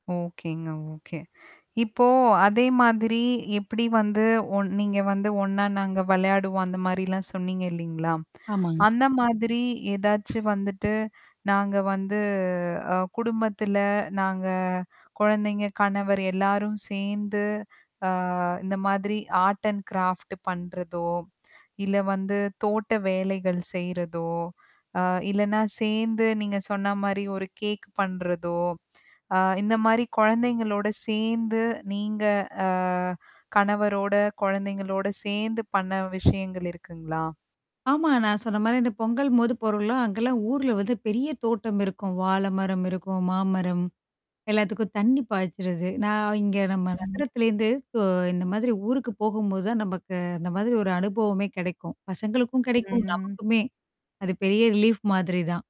ஓகேங்க, ஓகே இப்போ அதே மாதிரி, எப்படி வந்து ஒண் நீங்க வந்து ஒண்ணா நாங்க வெளையாடுவோம், அந்த மாரிலாம் சொன்னீங்க இல்லைங்களா? ஆமாங்க. அந்த மாதிரி ஏதாச்சும் வந்துட்டு, நாங்க வந்து அ குடும்பத்தில நாங்க கொழந்தைங்க, கணவர் எல்லோரும் சேந்து, அ இந்த மாதிரி ஆர்ட் அண்ட் கிராஃப்ட் பண்றதோ, இல்ல வந்து தோட்ட வேலைகள் செய்யுறதோ, அ இல்லன்னா சேந்து, நீங்க சொன்னா மாரி ஒரு கேக் பண்றதோ, ஆ இந்த மாரி கொழந்தைங்களோட சேந்து நீங்க அ கணவரோட, கொழந்தைங்களோட, சேந்து பண்ண விஷயங்கள் இருக்குங்களா? ஆமா, நான் சொன்ன மாரி இந்த பொங்கலின் போது போறோம்ல்ல! அங்கலாம் ஊரில வந்து பெரிய தோட்டம் இருக்கும். வாழை மரம் இருக்கும், மாமரம் எல்லாத்துக்கும் தண்ணீ பாய்ச்சிறது நான் இங்க நம்ம ம். நகரத்திலேருந்து கொ இந்த மாதிரி ஊருக்கு போகும்போது தான் நமக்கு இந்த மாதிரி ஒரு அனுபவமே கெடைக்கும். பசங்களுக்கும் கெடைக்கும், ம். நமக்குமே அது பெரிய ரிலீஃப் மாதிரி தான்.